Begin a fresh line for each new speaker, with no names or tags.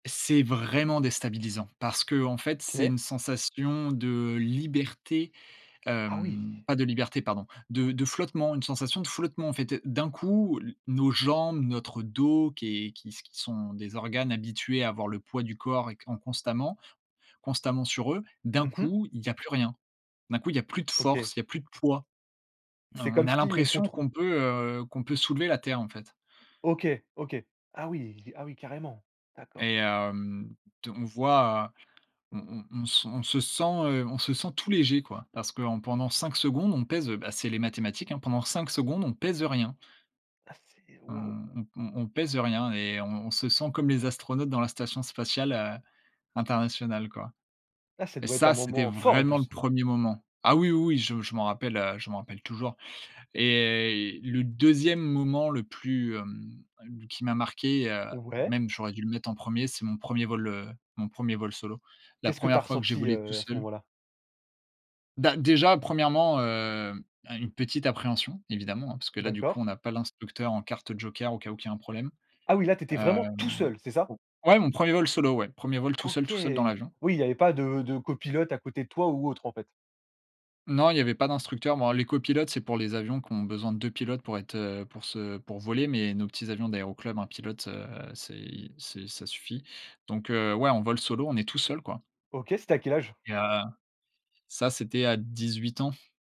C'est vraiment déstabilisant parce qu'en fait, c'est
OK.
une sensation de liberté,
Ah oui!
hem, pas de liberté, pardon, de de flottement, une sensation de flottement, en fait, d'un coup, l nos jambes, notre dos qui est qui qui sont des organes habitués à avoir le poids du corps et en constamment constamment sur eux. D'un
Mmh mh.
coup, il y a plus rien, d'un coup, il y a plus de
OK!
force, il y a plus de poids, heu,
C'est
on
comme
a
si on
l'impression
contr
qu'on peut, heu, qu'on peut soulever la terre, en fait
OK, OK. Ah oui! Ah oui, carrément!
et
D'accord.
hem, t on voit on on on s on se sent, heu, on se sent tout léger, quoi, parce que en pendant 5 secondes, on pèse, heu, bah, c'est les mathématiques, hein, pendant 5 secondes, on pèse, heu, rien
Ah, c'est
on
waouh!
on on on pèse rien et on se sent comme les astronautes dans la station spatiale, heu, internationale, quoi
Ah, ça
et
doit être un
ça, c'était
moment fort, en
vraiment le
plus.
1er moment. Ah oui, oui, je je m'en rappelle, heu, je m'en rappelle toujours et le 2e moment le plus, hem, qui m'a marqué, heu,
Ouais.
même j'aurais dû le mettre en 1er, c'est mon 1er vol, heu, mon 1er vol solo. La
Qu'est-ce que tu as
1re fois que j'ai
ressenti,
volé tout
heu, à ce
seul.
moment-là?
Ben, déjà, 1°, heu, une petite appréhension, évidemment, hein, parce que là, du coup,
D'accord.
on a pas l'instructeur en carte joker au cas où qu'il y a un problème,
Ah oui, là, tu étais vraiment tout
hem
seul, c'est ça?
ouais, mon 1er vol solo, ouais, 1er vol tout seul
OK.
tout seul dans l'avion.
Oui, il y avait pas de de copilote à côté de toi ou autre en fait.
Non, il y avait pas d'instructeur. Bon, les copilotes, c'est pour les avions qui ont besoin de 2 pilotes pour être, heu, pour se pour voler, mais nos petits avions d'aéroclub, 1 pilote, heu, c'est c'est ça suffit, donc heu, ouais, en vol solo, on est tout seul, quoi.
OK, c'était à quel âge?
Et heu, ça c'était à 18 ans.